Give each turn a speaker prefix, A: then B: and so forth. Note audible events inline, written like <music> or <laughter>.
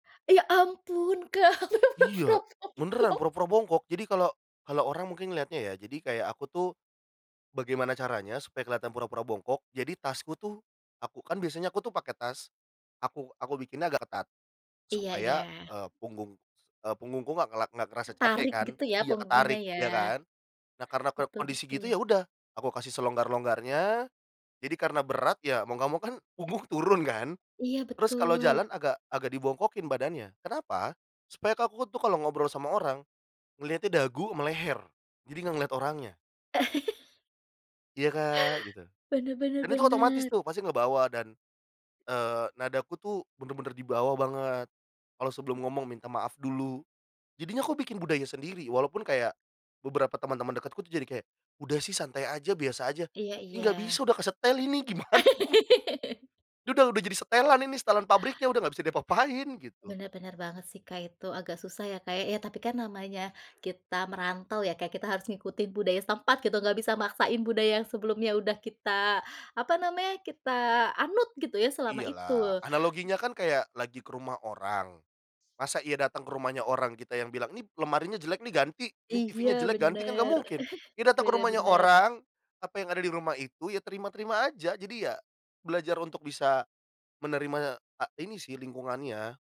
A: Ya, ampun, Kak, benar-benar pura-pura
B: Iya. Beneran,
A: bongkok.
B: pura-pura bongkok. Jadi kalau kalau orang mungkin ngelihatnya, ya, jadi, kayak aku tuh, bagaimana caranya supaya kelihatan pura-pura bongkok, jadi, tasku tuh, aku kan biasanya aku tuh pakai tas, aku aku bikinnya agak ketat,
A: Iya
B: supaya,
A: iya.
B: eee, punggung eee, punggungku nggak ngelak nggak terasa capek,
A: Ketarik,
B: kan,
A: gitu, ya?
B: iya
A: Punggungnya,
B: ketarik,
A: ya?
B: ya kan. Nah, karena para
A: Betul
B: kondisi gitu,
A: betul.
B: ya udah, aku kasih selonggar-longgar nya, jadi karena berat, ya mau nggak mau kan, punggung turun kan,
A: Iya,
B: terus kalau
A: betul.
B: jalan agak agak dibongkokin badannya. Kenapa? Supaya kan aku tuh kalau ngobrol sama orang, ngelihatnya dagu ama leher. Jadi nggak ngelihat orangnya.
A: <chuckles>
B: "Iya, Kak", gitu.
A: Benar benar
B: Dan itu otomatis
A: benar.
B: tuh, pasti ngebawa dan, eee, nadaku tuh bener-bener di bawah banget. Kalau sebelum ngomong, minta maaf dulu. Jadinya aku bikin budaya sendiri. Walaupun kayak, beberapa teman-teman dekatku tuh, jadi kayak, "Udah sih santai aja. Biasa aja".
A: Iya
B: Ya, nggak
A: iya.
B: bisa, udah kesetel ini. Gimana?
A: <laughs>
B: Udah udah jadi setelan ini. Setelan pabriknya udah nggak bisa diapa-apain. Gitu.
A: Benar benar banget sih, Kak. Itu agak susah ya, Kak, ya? Tapi kan, namanya kita merantau ya, Kak, Kita harus ngikutin budaya setempat, gitu. Nggak bisa maksain budaya yang sebelumnya udah kita, apa namanya, kita anut, gitu ya, selama
B: Iya, lah.
A: itu.
B: Analoginya kan kayak lagi ke rumah orang, masa iya datang ke rumahnya orang, kita yang bilang, "Nih, lemarinya jelek nih, ganti. Nih
A: Iya,
B: TV-nya jelek, ganti". Kan gak
A: bener.
B: mungkin.
A: <chuckles>
B: Ya datang ke
A: Bener
B: rumahnya
A: bener.
B: orang, apa yang ada di rumah itu, ya terima-terima aja. Jadi ya, belajar untuk bisa menerima a ini sih, lingkungannya.